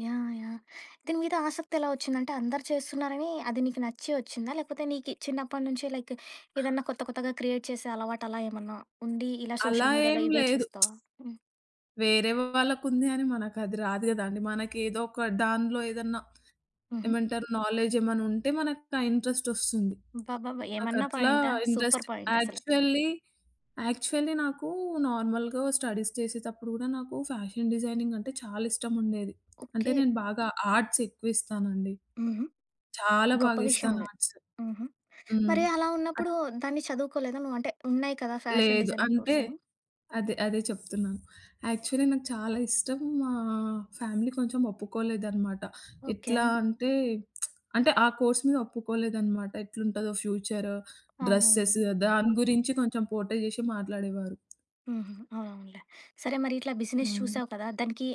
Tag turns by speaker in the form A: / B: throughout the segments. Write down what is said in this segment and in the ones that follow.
A: Yeah! Yeah! దీని మీద ఆసక్తి ఎలా వచ్చింది అంటే, అందరూ చేస్తున్నారని అది నీకు నచ్చి వచ్చిందా? లేకపోతే నీకు చిన్నప్పటి నుంచి లైక్ ఏదన్నా కొత్త కొత్తగా క్రియేట్ చేసే అలవాటలా ఏమన్నా ఉండి, ఇలా
B: అలా
A: సోషల్ మీడియాలో
B: ఏమి
A: ఇవే
B: లేదు.
A: చూస్తావా? హ్మ్.
B: వేరే వాళ్ళకుంది అని మనకు అది రాదు గదండీ! మనకేదో ఒక దాన్లో ఏదన్నా
A: హుహు.
B: ఏమంటారు నాలెజ్ ఏమన్నా ఉంటే మనకు ఆ ఇంట్రెస్ట్ వస్తుంది.
A: అబ్బబ్బబ్బా! ఏమన్నా
B: నాకట్లా
A: పాయింటా! సూపర్
B: ఇంట్రెస్ట్
A: పాయింటసలు.
B: యాక్చువల్లీ, యాక్చువల్లీ నాకు నార్మల్‌గా స్టడీస్ చేసేతప్పుడు కూడా నాకు ఫ్యాషన్ డిజైనింగ్ అంటే చాలా ఇష్టముండేది. అంటే
A: ఓకె.
B: నేను బాగా ఆర్ట్స్ ఎక్కువిస్తానండి.
A: హుహు.
B: చాలా
A: గొప్ప
B: బాగా
A: విషయం
B: ఇస్తాను
A: అది.
B: ఆర్ట్స్.
A: హుహు.
B: హ్మ్.
A: మరి అలా
B: అట్
A: ఉన్నప్పుడు దాన్ని చదువుకోలేదా నువ్వు అంటే, ఉన్నాయి కదా! ఫ్యాషన్
B: లేదు.
A: డిజైనింగ్
B: అంటే
A: కోర్సులు?
B: అదే, అదే చెప్తున్నా. యాక్చువల్లి నాకు చాలా ఇష్టం. మా ఫ్యామిలీ కొంచెం ఒప్పుకోలేదనమాట.
A: ఓకె.
B: ఎట్లా అంటే అంటే ఆ కోర్స్ మీద ఒప్పుకోలేదనమాట. ఎట్లుంటదో ఫ్యూచరు,
A: అవునవునులే.
B: డ్రెసెస్
A: హ్మ్.
B: దాని గురించి కొంచెం పోట్రే చేశి మాట్లాడేవారు.
A: హుహు. అవునవునులే. సరే మరిట్లా బిజినెస్
B: హ్మ్.
A: చూసావు కదా! దానికి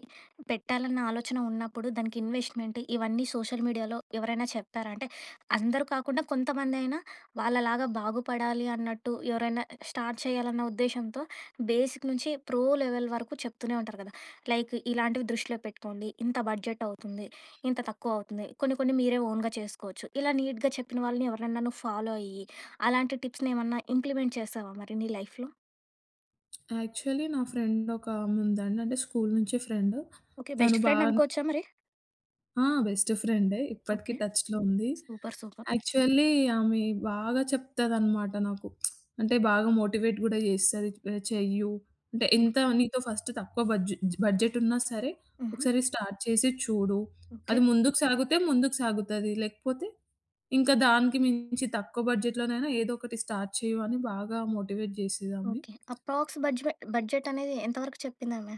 A: పెట్టాలన్న ఆలోచన ఉన్నప్పుడు, దానికి ఇన్వెస్ట్‌మెంట్ ఇవన్నీ సోషల్ మీడియాలో ఎవరైనా చెప్పారా? అంటే అందరూ కాకుండా కొంతమందైనా వాళ్ళలాగా బాగుపడాలి అన్నట్టు, ఎవరైనా స్టార్ట్ చేయాలన్న ఉద్దేశ్యంతో బేసిక్ నుంచి ప్రో లెవెల్ వరకు చెప్తూనే ఉంటారు కదా! లైక్ ఇలాంటివి దృష్టిలో పెట్టుకోండి, ఇంత బడ్జెట్ అవుతుంది, ఇంత తక్కువౌతుంది కొన్ని కొన్ని మీరే ఓన్‌గా చేసుకోవచ్చు. ఇలా నీట్‌గా చెప్పిన వాళ్ళని ఎవరినైనా నువ్వు ఫాలో అయ్యి, అలాంటి టిప్స్‌నేమన్నా ఇంప్లిమెంట్ చేశావా మరి, నీ లైఫ్‌లో?
B: యాక్చువల్లి నా ఫ్రెండ్ ఒకామె ఉందండి. అంటే స్కూలు నుంచి ఫ్రెండ్.
A: ఓకె. బెస్ట్
B: తను
A: ఫ్రెండ్
B: బాన్
A: అనుకోవచ్చా మరి?
B: ఆ! బెస్ట్ ఫ్రెండే. ఇప్పటికీ
A: ఓకె.
B: టచ్‌లో ఉంది.
A: Super, super!
B: యాక్చువల్లి ఆమె బాగా చెప్తదనమాట నాకు. అంటే బాగా మోటివేట్ కూడా చేస్తది. చెయ్యు, అంటే,
A: హ్మ్.
B: "ఎంత నీతో ఫస్ట్ తక్కువ బడ్జు బడ్జెట్ ఉన్నా సరే,
A: హుహు.
B: ఒకసారి స్టార్ట్ చేసి చూడు.
A: ఓకె.
B: అది ముందుకు సాగితే ముందుకు సాగుతది. లేకపోతే ఇంకా దానికి మించి తక్కువ బడ్జెట్‌లోనైనా ఏదో ఒకటి స్టార్ట్ చెయ్యు," అని బాగా మోటివేట్ జేసేదామె.
A: ఓకె. అప్రాక్స్ బడ్జెవె బడ్జెటనేది ఎంతవరకు చెప్పిందామె?